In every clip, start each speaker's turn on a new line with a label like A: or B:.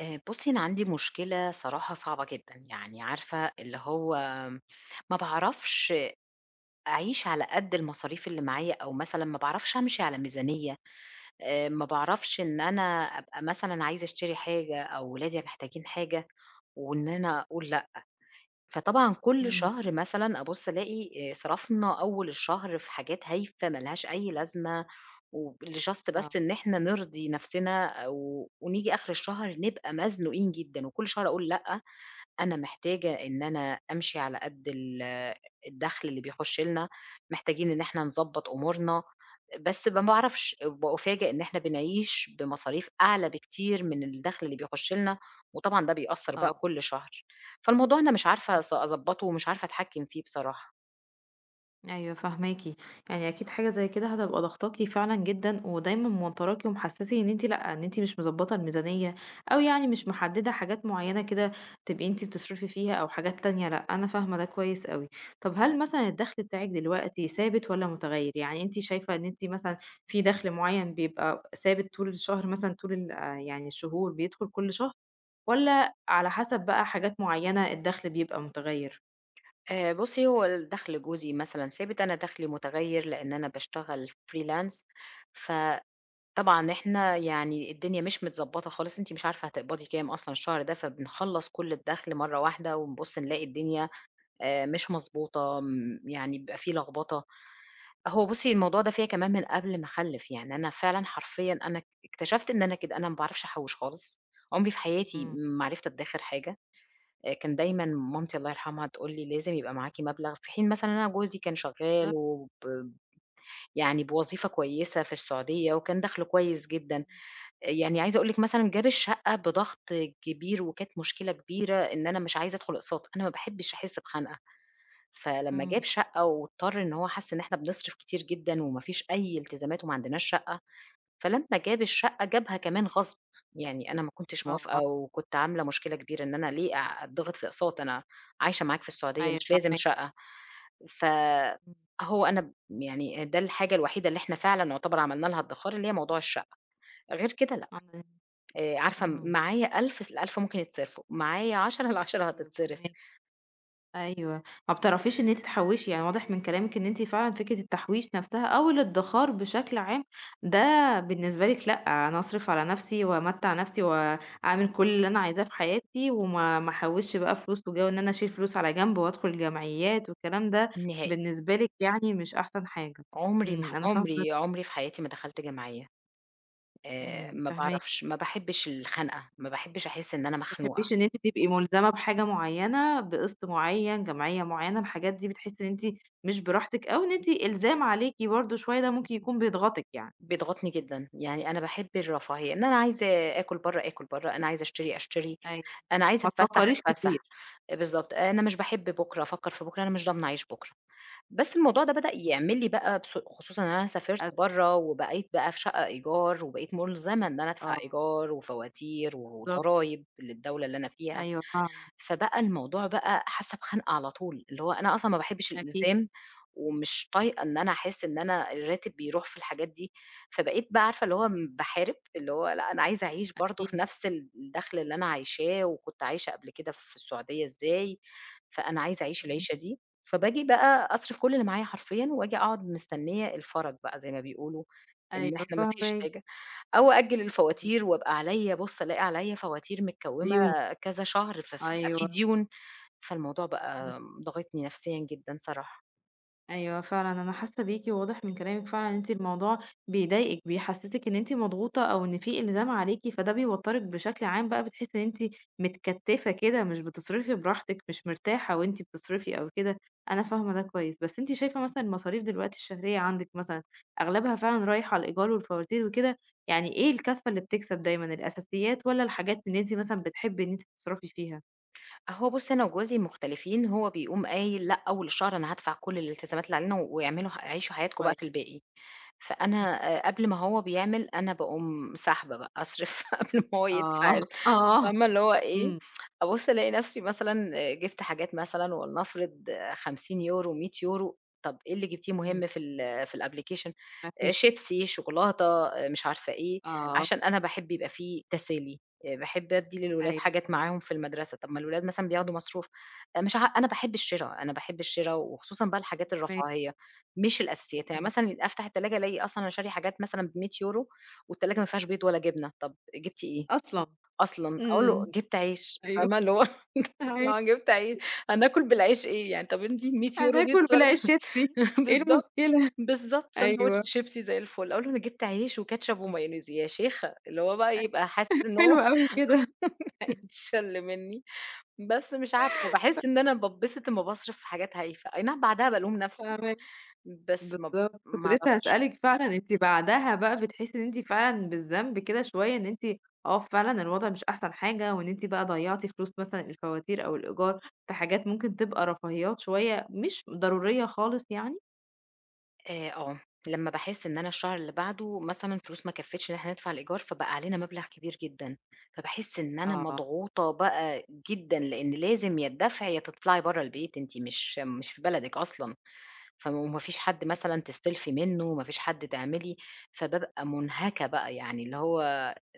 A: آآ، بُصي أنا عندي مشكلة الصراحة صعبة جدًا، يعني عارفة اللي هو ما باعرفش أ أعيش على قد المصاريف اللي معايا أو مثلًا ما باعرفش أمشي على ميزانية آآ، ما باعرفش إن أنا أبقى مثلًا عايزة أشتري حاجة أو ولادي محتاجين حاجة، وإن أنا أقول لأ، فطبعًا، كل
B: امم.
A: شهر مثلًا أبُص ألاقي آآ، صرفنا أول الشهر في حاجات هايفة ما لهاش أي لازمة، وب لJust بس
B: آه.
A: إن إحنا نرضي نفسنا، أو ونيجي آخر الشهر نبقى مزنوقين جدًا وكل شهر أقول: "لأ أنا محتاجة إن أنا أمشي على قد ال الدخل اللي بيخش لنا، محتاجين إن إحنا نضبط أمورنا." بس ما باعرفش، بأُفاجأ إن إحنا بنعيش بمصاريف أعلى بكتير من الدخل اللي بيخش لنا، وطبعًا ده بيأثّر بقى
B: آه.
A: كل شهر، فالموضوع أنا مش عارفة أص
B: امم.
A: أضبطه، ومش عارفة أتحكم فيه بصراحة.
B: أيوه فاهماكِ، يعني أكيد حاجة زي كده هتبقى ضاغطاكِ فعلًا جدًا ودايمًا موتراكِ ومحسّسِك إن أنتِ لأ، إن أنتِ مش مُضبطة الميزانية أو يعني مش محددة حاجات مُعيّنة كده تبقي أنتِ بتصرفي فيها أو حاجات تانية لأ، أنا فاهمة ده كويس أوي، طب هل مثلًا الدخل بتاعِك دلوقتي ثابت والّا مُتغيّر يعني أنتِ شايفة إن أنتِ مثلًا فيه دخل مُعيّن بيبقى ثابت طول الشهر مثلًا طول ال يعني الشهور بيدخل كل شهر؟ والّا على حسب بقى حاجات معيّنة الدخل بيبقى مُتغيّر؟
A: آآ، بُصي هو الدخل جوزي مثلًا ثابت أنا دخلي متُغيّر، لإن أنا باشتغل Freelance ف طبعًا إحنا يعني الدنيا مش متضبطة خالص، أنتِ مش عارفة هتقبضي كام أصلًا الشهر ده، فبنخلص كل الدَخل مرّة واحدة، ونبُص نلاقي الدنيا آآ، مش مضبوطة م يعني بيبقى فيه لخبطة، هو بُصي الموضوع ده فيّا كمان من قبل ما أخلف، يعني أنا فعلًا حرفيًا أنا اك اكتشفت إن أنا كده، أنا ما باعرفش أحوش خالص، عُمري في حياتي
B: امم.
A: ما عرفت أتدخر حاجة، آآ، كان دايمًا مامتي الله يرحمها تقول لي لازم يبقى معاكِ مبلغ في حين مثلًا إن أنا جوزي كان شغال
B: بالضبط.
A: وب يعني بوظيفة كويسة في السعودية وكان دخله كويس جدًا،
B: امم.
A: يعني عايزة أقول لِك مثلًا جاب الشقة بضغط كبير، وكانت مشكلة كبيرة، إن أنا مش عايزة أدخل أقساط، أنا ما باحبش أحس بخنقة، فلمّا جاب
B: امم.
A: شقة واضطر إن هو حس إن إحنا بنصرف كتير جدًا وما فيش أي التزامات وما عندناش شقة. فلمّا جاب الشقة جابها كمان غصب، يعني أنا ما كنتش موافقة،
B: آه.
A: وكنت عاملة مشكلة كبيرة إن أنا ليه أ أتضغط في أقساط، أنا عايشة معاك في السعودية،
B: أيوه،
A: مش لازم
B: فاهماكِ.
A: شقة. ف
B: امم.
A: هو أنا ب يعني ده الحاجة الوحيدة اللي إحنا فعلًا يعتبر عملنا لها ادخار اللي هي موضوع الشقة. غير كده لأ.
B: آه، [unintelligible]
A: آآ، عارفة م
B: امم.
A: معايا 1000 س ال1000 ممكن يتصرفوا، معايا 10، ال10
B: أيوه
A: هتتصرف.
B: فاهماكِ. أيوه، ما بتعرفيش إن أنتِ تحوشي، يعني واضح من كلامِك إن أنتِ فعلًا فكرة التحويش نفسها أو الادخار بشكل عام، ده بالنسبة لِك لأ، أنا أصرف على نفسي وأمتع نفسي وأعمل كل اللي أنا عايزاه في حياتي وما ما أحوش بقى فلوس، وجَوّ إن أنا أشيل فلوس على جنب وأدخل جمعيات والكلام ده
A: نهائي.
B: بالنسبة لِك يعني مش أحسن حاجة.
A: عمري ما ح
B: امم، أنا فاهمة وجهة
A: عمري
B: نظرِك.
A: عمري في حياتي ما دخلت جمعية، آآ،
B: امم،
A: ما
B: فاهماكِ.
A: باعرفش ما باحبش الخنقة ما باحبش أحس إن أنا
B: ما
A: مخنوقة.
B: بتحبيش إن أنتِ تبقي مُلزمة بحاجة معيّنة بقسط معيّن، جمعية معيّنة، الحاجات دي بتحسي إن أنتِ مش براحتك أو إن أنتِ إلزام عليكِ برضو شوية ده ممكن يكون بيتغطِك يعني؟
A: بيضغطني جدًا، يعني أنا باحب الرفاهية، إن أنا عايزة آكُل برّه، آكُل برّه، أنا عايزة أشتري، أشتري،
B: أيوه،
A: أنا عايزة
B: ما
A: أتفسح،
B: تفكريش
A: أتفسح،
B: كتير.
A: بالضبط، آآ، أنا مش باحب بكرة، أفكر في بكرة، أنا مش ضامنة أعيش بكرة، بس الموضوع ده بدأ
B: [unintelligible]
A: يعمل لي بقى بس خصوصًا إن أنا سافرت
B: أزمة.
A: برّه وبقيت بقى في شقة إيجار، وبقيت مُلزمة إن أنا أدفع
B: آه.
A: إيجار، وفواتير،
B: بالضبط.
A: وضرايب للدولة اللي أنا فيها،
B: أيوه فعلًا،
A: فبقى
B: امم، امم.
A: الموضوع بقى حاسة بخنقة على طول، اللي هو أنا أصلًا ما باحبش
B: أكيد.
A: الإلزام، ومش طايقة إن أنا أحس إن أنا الراتب بيروح في الحاجات دي، فبقيت بقى عارفة اللي هو ب باحارب اللي هو لأ أنا عايزة أعيش برضو في
B: أكيد.
A: نفس ال الدخل اللي أنا عايشاه وكنت عايشة قبل كده في السعودية إزاي، فأنا عايزة
B: امم.
A: أعيش
B: امم.
A: العيشة دي، فباجي بقى أصرف كل اللي معايا حرفيًا، وآجي أقعد مستنية الفَرَج بقى زي ما بيقولوا إن
B: أيوه
A: إحنا ما فيش
B: فاهمكِ.
A: حاجة، أو أأجّل
B: امم،
A: الفواتير
B: امم.
A: وابقى عليّا، بُص ألاقي عليّا فواتير مكْوُمَة
B: ديون،
A: كذا شهر ف في بيبقى فيه
B: أيوه.
A: ديون، فالموضوع بقى
B: امم.
A: ضاغطني نفسيًا جدًا صراحة.
B: أيوه فعلًا، أنا حاسة بيكِ، وواضح من كلامِك فعلًا إن أنتِ الموضوع بيضايقِك، بيحسّسِك إن أنتِ مضغوطة، أو إن في إلزام عليكِ، فده بيوتّرِك بشكل عام بقى، بتحسّي إن أنتِ متكتّفة كده مش بتصرفي براحتِك، مش مرتاحة وأنتِ بتصرفي أو كده، أنا فاهمة ده كويس. بس أنتِ شايفة مثلًا المصاريف دلوقتي الشهرية عندِك مثلًا أغلبها فعلًا رايح على الإيجار والفواتير وكده؟ يعني إيه الكفّة اللي بتكسب دايمًا، الأساسيات، والّا الحاجات اللي أنتِ مثلًا بتحبي إن أنتِ بتصرفي فيها؟
A: هو بُصّي، أنا وجوزي مختلفين، هو بيقوم قايل "لأ، أول شهر أنا هادفع كل الالتزامات اللي علينا، ويعملوا ه عيشوا حياتكم بقى
B: كوي
A: في الباقي." فأنا
B: إمم.
A: آآ، قبل ما هو بيعمل أنا باقوم ساحبة بقى، أصرف قبل ما هو يدفع
B: آه،
A: ال
B: آه،
A: فاهمة اللي هو إيه،
B: امم.
A: أبُصّ ألاقي نَفْسي مثلًا جِبت حاجات مثلًا ولنفرض 50€، 100€، "طَب إيه اللي جبتيه
B: امم.
A: مُهم في ال في الapplication؟"
B: ما
A: "آآ
B: فيش.
A: شيبسي، شوكولاتة،" آآ مش عارفة إيه،
B: آه.
A: "عشان أنا باحب يبقى في تسالي، آآ باحب أدي للولاد
B: أيوه،
A: حاجات معاهم
B: فاهماكِ.
A: في المدرسة،" "طَب ما الولاد مثلًا بياخدوا مصروف،" آآ، مش عا أنا باحب الشرا، أنا باحب الشرا وخصوصًا بقى الحاجات
B: [unintelligible]
A: الرفاهية، مش الأساسيات، يعني
B: اهم.
A: مثلًا أفتح التلاجة ألاقي أصلًا أنا شارية حاجات مثلًا ب100€ والتلاجة ما فيهاش بيض ولا جبنة، "طَب جبتِ إيه؟
B: أصلًا!
A: أصلًا؟!" أقول له:
B: امم.
A: "جبت عيش."
B: أيوه.
A: فاهمة، اللي هو [unintelligible] جبت عي
B: [unintelligible]
A: "هناكل بالعيش إيه يعني؟ طَب أنتِ ال100€ دي
B: هناكُل
A: اتصر"
B: بالعيش شيبسي، إيه
A: بالضبط،
B: المشكلة؟!
A: بالضبط، ساندويتش
B: أيوه.
A: شيبسي زي الفُل. أقول له: "أنا جبت عيش وكاتشب ومايونيز." "يا شيخة!" اللي هو بقى
B: أيوه.
A: يبقى حاسس إن هو
B: حلو أوي كده.
A: هيتشل مني. بس مش عارفة، باحس
B: [unintelligible]
A: إن أنا باتبسط أما باصرف في حاجات هايفة، أي نعم بعدها بالوم نفسي،
B: فاهما
A: بس ما ب
B: بالضبط، كنت
A: ما
B: لسه
A: أعرفش.
B: هاسألِك فعلًا، أنتِ بعدها بقى بتحسّي إن أنتِ فعلًا بالذنب كده شويّة إن أنتِ آه، فعلًا الوضع مش أحسن حاجة، وإن أنتِ بقى ضيّعتِ فلوس مثلًا الفواتير أو الإيجار في حاجات ممكن تبقى رفاهيات شويّة، مش ضرورية خالص يعني؟
A: آآ آه، لمّا باحس إن أنا الشهر اللي بعده مثلًا الفلوس ما كفّيتش إن إحنا ندفع الإيجار، فبقى علينا مبلغ كبير جدًا، فباحس إن أنا
B: آه.
A: مضغوطة بقى جدًا، لإن لازم يا الدفع يا تطلعي برّا البيت، أنتِ مش مش في بلدِك أصلًا. فما وما فيش حد مثلًا تستلفي منّه، ما فيش حد تعملي فبابقى مُنهَكَة بقى، يعني اللي هو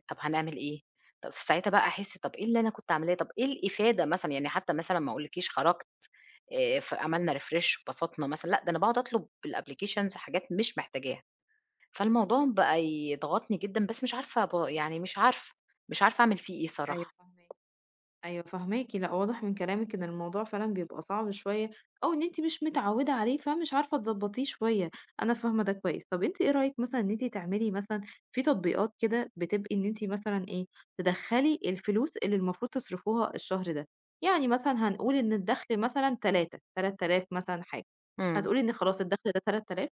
A: طَب هنعمل إيه؟ طَب في ساعتها بقى أحِس، طَب إيه اللي أنا كنت عاملاه، طَب إيه الإفادة مثلًا؟ يعني حتى مثلًا ما أقولش لِك خرجت، آآ ف عملنا refresh واتبسطنا مثل لأ، ده أنا باقعُد أطلب بالapplications حاجات مش محتاجاها. فالموضوع م بقى يضغطني جدًا بس مش عارفة ب يعني مش عارفة، مش عارفة أعمل فيه إيه
B: أيوه
A: صراحة.
B: فاهماكِ. أيوه فاهماكِ، لأ واضح من كلامِك إن الموضوع فعلًا بيبقى صعب شوية أو إن أنتِ مش متعوّدة عليه، فمش عارفة تضبطيه شوية، أنا فاهمة ده كويس. طَب أنتِ إيه رأيِك مثلًا إن أنتِ تعملي مثلًا في تطبيقات كده بتبقى إن أنتِ مثلًا إيه، تدخّلي الفلوس اللي المفروض تصرفوها الشهر ده، يعني مثلًا هنقول إن الدَخل مثلًا 3، 3000 مثلًا حاجة،
A: إمم.
B: هتقول لي إن خلاص الدَخل ده 3000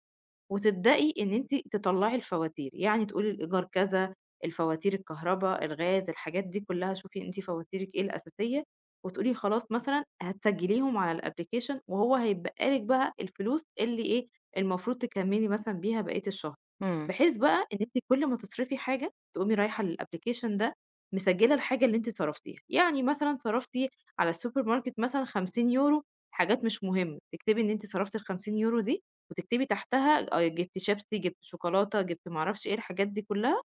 B: وتبدئي إن أنتِ تطلّعي الفواتير، يعني تقولي الإيجار كذا، الفواتير، الكهربا، الغاز، الحاجات دي كلّها شوفي أنتِ فواتيرِك إيه الأساسية وتقولي خلاص مثلًا هتسجليهم على الapplication وهو هيتبقى لِك الفلوس اللي إيه، المفروض تكمّلي مثلًا بيها بقيت الشهر.
A: إمم.
B: بحيث بقى إن أنتِ كل ما تصرفي حاجة تقومي رايحة للapplication ده مسجّلة الحاجة اللي أنتِ صرفتيها، يعني مثلًا صرفتِ على السوبر ماركت مثلًا 50€ حاجات مش مُهمّة، تكتبي إن أنتِ صرفتِ ال50€ دي وتكتبي تحتها الأي جِبت شيبسي، جِبت شوكولاتة، جِبت ما أعرفش إيه، الحاجات دي كلّها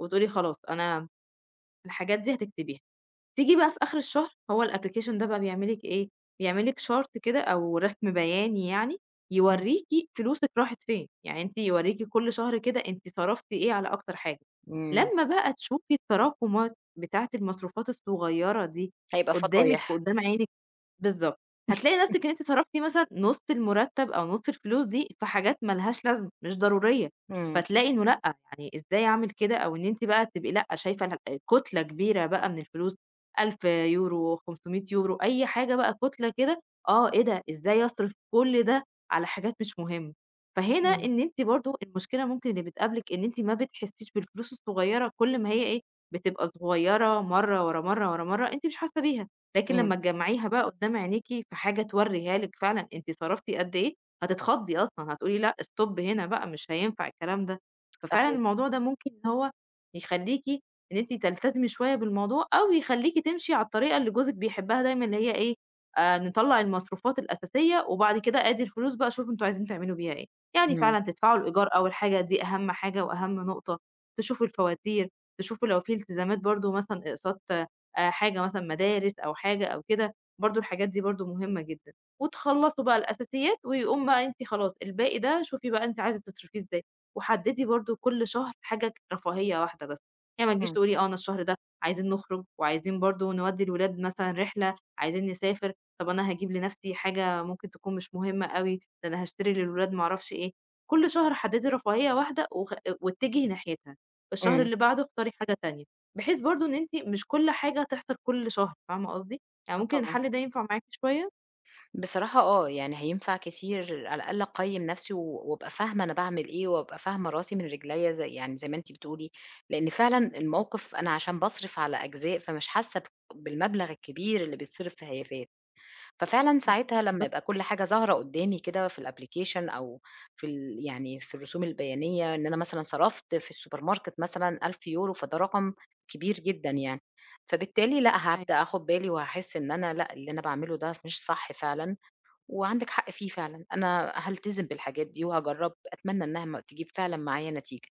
B: وتقولي خلاص أنا الحاجات دي هتكتبيها. تيجي بقى في آخِر الشهر هو الapplication ده بقى بيعمل لِك إيه، بيعمل لِك chart كده أو رَسم بياني يعني،
A: إمم.
B: يورّيكِ فلوسِك راحت فين، يعني أنتِ يورّيكِ كل شهر كده أنتِ صرفتِ إيه على أكتر حاجة،
A: إمم.
B: لمّا بقى تشوفي التراكُمات بتاعة المصروفات الصغيّرة دي
A: هيبقى
B: قدّامِك
A: فضايح.
B: وقدّام عينِك بالضبط. هتلاقي نَفْسِك إن أنتِ صرفتِ مثلًا نُص المرتّب أو نُص الفلوس دي في حاجات ما لهاش لازمة مش ضرورية،
A: إمم.
B: فتلاقي إنه لأ، يعني إزاي أعمل كده أو إن أنتِ بقى تبقي لأ، شايفة إنها كُتلة كبيرة بقى من الفلوس، 1000€، 500€، أي حاجة بقى كُتلة كده آه، إيه ده، إزاي أصرِف كل ده على حاجات مش مُهمّة؟! فهنا
A: إمم.
B: إن أنتِ برضه المشكلة ممكن اللي بتقابلِك إن أنتِ ما بتحسّيش بالفلوس الصغيّرة كل ما هي إيه، بتبقى صغيّرة مرّة، ورا مرّة، ورا مرّة، أنتِ مش حاسّة بيها، لكن
A: إمم.
B: لمّا تجمّعيها بقى قدّام عينيكِ في حاجة تورّيها لِك فعلًا أنتِ صرفتِ قد إيه، هتتخضي أصلًا، هتقولي لأ، stop هنا بقى مش هينفع الكلام ده. ففعلًا
A: صحيح.
B: الموضوع ده ممكن إن هو يخلّيكِ إن أنتِ تلتزمي شوية بالموضوع، أو يخلّيكِ تمشي على الطريقة اللي جوزِك بيحبّها دايمًا اللي هي إيه، آآ نطلّع المصروفات الأساسية وبعد كده آدي الفلوس بقى شوفوا أنتم عايزين تعملوا بيها إيه. يعني
A: إمم.
B: فعلًا تدفعوا الإيجار أول الحاجة دي أهم حاجة وأهم نقطة، تشوفوا الفواتير، تشوفوا لو في التزامات برضه مثلًا إقساط آآ حاجة مثلًا مدارس أو حاجة أو كده، برضه الحاجات دي برضه مُهمّة جدًا وتخلّصوا بقى الأساسيات ويقوم بقى أنتِ خلاص، الباقي ده شوفي بقى أنتِ عايزة تصرفيه إزاي. وحدّدي برضه كل شهر حاجة ج رفاهيّة واحدة بس، يعني ما تجيش
A: إمم.
B: تقولي آه، أنا الشهر ده عايزين نخرج وعايزين برضه نودّي الولاد مثلًا رحلة، عايزين نسافر، طَب أنا هاجيب لنَفْسي حاجة ممكن تكون مش مهمة أوي، ده أنا هاشتري للولاد ما أعرفش إيه، كل شهر حدّدي رفاهيّة واحدة وخ آآ واتجهي ناحيتها. الشهر
A: إمم.
B: اللي بعده اختاري حاجة تانية، بحيث برضه إن أنتِ مش كل حاجة هتحصل كل شهر، فاهمة قصدي؟ يعني
A: آه،
B: ممكن
A: طبعًا.
B: الحَل ده ينفع معاكِ شوية؟
A: بصراحة آه، يعني هينفع كتير على الأقل أقيّم نفسي و وأبقى فاهمة أنا باعمل إيه وأبقى فاهمة راسي من رجليّا زي يعني زي ما أنتِ بتقولي، لإن فعلًا الموقِف أنا عشان باصرف على أجزاء، فمش حاسّة بأ بالمبلغ الكبير اللي بيتصرف في هيافات. ففعلًا
B: إمم،
A: ساعتها لمّا
B: بالضبـط.
A: يبقى كل حاجة ظاهرة قدّامي كده في الapplication أو في ال يعني في الرسوم البيانية إن أنا مثلًا صرفت في السوبر ماركت مثلًا 1000€، فده رقم كبير جدًا يعني، فبالتالي لأ،
B: أيوه،
A: هابدأ
B: فاه
A: آخُد بالي وهاحس إن أنا لأ، اللي أنا باعمله ده س مش صح فعلًا وعندِك حق فيه فعلًا، أنا هالتزِم بالحاجات دي وهاجرّب أتمنى إنّها ما تجيب فعلًا معايا نتيجة.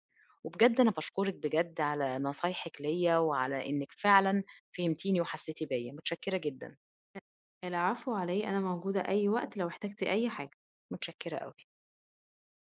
A: وبجد أنا باشكُرِك بجد على نصايحِك ليّا وعلى إنِّك فعلًا فهمتيني وحسّيتِ بيّا، مُتشكّرة جدًا.
B: ال العفو على إيه، أنا موجودة أي وقت لو احتجتِ أي حاجة.
A: مُتشكّرة أوي.